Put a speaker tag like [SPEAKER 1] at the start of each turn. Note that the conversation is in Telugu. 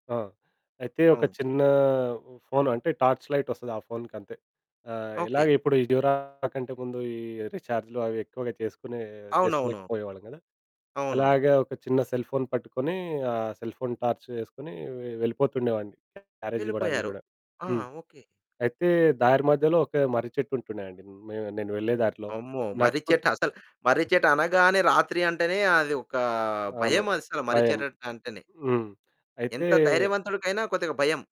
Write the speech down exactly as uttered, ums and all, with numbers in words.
[SPEAKER 1] ఆ! అయితే, ఒక
[SPEAKER 2] అవును.
[SPEAKER 1] చిన్నా ఉ ఫోను అంటే, టార్చ్ లైటొస్తది ఆ ఫోనుకంతే. ఆహ్,
[SPEAKER 2] ఓకే.
[SPEAKER 1] ఇలాగిప్పుడు ఈ డ్యురా కంటే ముందు, ఈ రీచార్జులు అవెక్కువగా చేసుకునే
[SPEAKER 2] అవునవును.
[SPEAKER 1] చేసుకోలేకపోయేవాళ్ళం గదా!
[SPEAKER 2] అవును.
[SPEAKER 1] అలాగా ఒక చిన్న సెల్‌ ఫోన్ పట్టుకొనీ, ఆ సెల్ ఫోన్ టార్చ్ వేసుకొని వె వెళ్ళిపోతుండేవాడిని క్యారేజివ్వడానికి
[SPEAKER 2] వెళ్ళిపోయారు.
[SPEAKER 1] గూడా.
[SPEAKER 2] ఆ
[SPEAKER 1] హ్మ్.
[SPEAKER 2] ఓకే.
[SPEAKER 1] అయితే, దారి మధ్యలో ఒక మర్రిచెట్టు ఉంటుండే అండి. మే నేను వెళ్ళే దారిలో.
[SPEAKER 2] అమ్మో!
[SPEAKER 1] నడుచుకుని
[SPEAKER 2] మర్రిచెట్టు అసల్ మర్రిచెట్టు అనగానే, రాత్రి అంటేనే అది ఒకా
[SPEAKER 1] అవును.
[SPEAKER 2] భయం, అస్సలు మర్రి
[SPEAKER 1] భయం.
[SPEAKER 2] చెరట్టంటేనే.
[SPEAKER 1] హ్మ్. అయితే
[SPEAKER 2] ఎంత ధైర్యవంతుడికైనా, కొద్దిగా భయం.